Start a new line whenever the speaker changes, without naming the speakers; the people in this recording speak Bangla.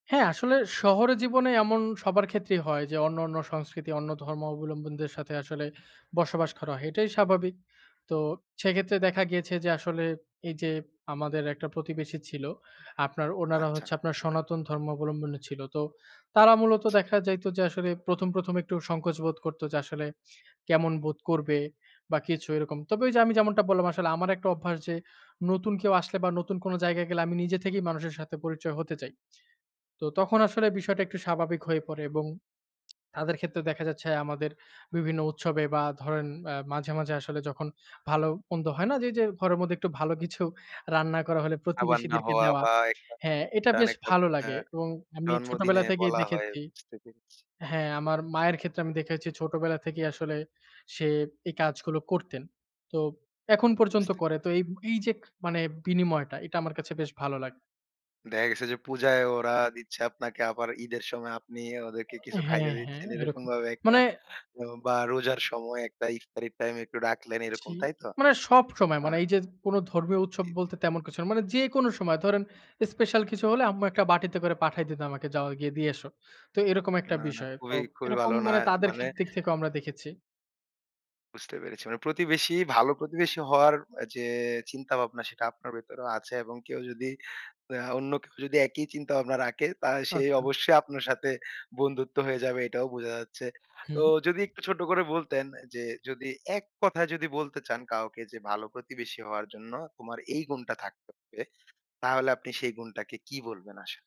হ্যাঁ, আসলে শহরে জীবনে এমন সবার ক্ষেত্রেই হয় যে, অন্য, অন্য সংস্কৃতি অন্য ধর্মাবলম্বীদের সাথে আসলে বসবাস করা হয়। এটাই স্বাভাবিক। তো সেক্ষেত্রে দেখা গিয়েছে যে, আসলে এই যে, আমাদের একটা প্রতিবেশী ছিল আপনার ওনারা
আচ্ছা।
হচ্ছে আপনার সনাতন ধর্মাবলম্বী ছিল। তো তারা মূলত দেখা যাইত যে, আসলে ১ম, ১ম, একটু সংকোচ বোধ করত যে, আসলে কেমন বোধ করবে বা কিছু এরকম। তবে ওই যে, আমি যেমনটা বললাম আসলে আমার একটা অভ্যাস যে, নতুন কেউ আসলে বা নতুন কোন জায়গায় গেলে আমি নিজে থেকেই মানুষের সাথে পরিচয় হতে চাই। তো তখন আসলে বিষয়টা একটু স্বাভাবিক হয়ে পড়ে এবং তাদের ক্ষেত্রে দেখা যাচ্ছে আমাদের বিভিন্ন উৎসবে বা ধরেন আ মাঝে, মাঝে আসলে যখন ভালো মন্দ হয় না যে, যে, ঘরের মধ্যে একটু ভালো কিছু রান্না করা হইলে
আবার না
প্রতিবেশীদেরকে
হওয়া
দেওয়া।
বা একটা
হ্যাঁ, এটা
প্রান
বেশ
একটা
ভালো
অ্যা
লাগে এবং আমি
জন্মদিনে
ছোটবেলা থেকেই
বলা হয়
দেখেছি
বুঝতে পেরেছি।
হ্যাঁ, আমার মায়ের ক্ষেত্রে আমি দেখেছি ছোটবেলা থেকেই আসলে সে এই কাজগুলো করতেন। তো এখন পর্যন্ত
বুঝতে
করে। তো
পেরেছি।
এই, এই যে, খ মানে বিনিময়টা এটা আমার কাছে বেশ ভালো লাগে।
দেখা গেছে যে, পূজায় ওরা দিচ্ছে আপনাকে আবার ঈদের সময় আপনি ওদেরকে কিছু খাইতে
হ্যাঁ, হ্যাঁ,
দিচ্ছেন, এরকম
এরকম।
ভাবে একটা
মানে
বা রোজার সময় একটা ইফতারির টাইম একটু ডাকলেন
জি।
এরকম, তাই তো?
মানে সবসময়
আ
মানে এই যে, কোন ধর্মীয় উৎসব
জি, জি।
বলতে তেমন কিছু না। মানে যেকোন সময় ধরেন, স্পেশাল কিছু হলে আম্মু একটা বাটিতে করে পাঠায় দিত আমাকে যাও গিয়ে দিয়ে এসো। তো এরকম একটা
না, না
বিষয়। তো
খুবই, খুবই
এরকম
ভালো না
মানে তাদের খে
মানে
দিক থেকেও আমরা দেখেছি।
বুঝতে পেরেছি। মানে প্রতিবেশী ভালো প্রতিবেশী হওয়ার অ যে, চিন্তা ভাবনা সেটা আপনার ভেতরেও আছে এবং কেউ যদি আ অন্য কেউ যদি একই চিন্তা ভাবনা রাখে তা সে
আচ্ছা।
অবশ্যই আপনার সাথে বন্ধুত্ব হয়ে যাবে এটাও বোঝা যাচ্ছে। তো
হুম।
যদি একটু ছোট্ট করে বলতেন যে, অ্যা যদি এক কথায় যদি বলতে চান কাউকে যে, ভালো প্রতিবেশী হওয়ার জন্য তোমার এই গুণটা থাকতে হবে, তাহলে আপনি সেই গুণটাকে কী বলবেন আশা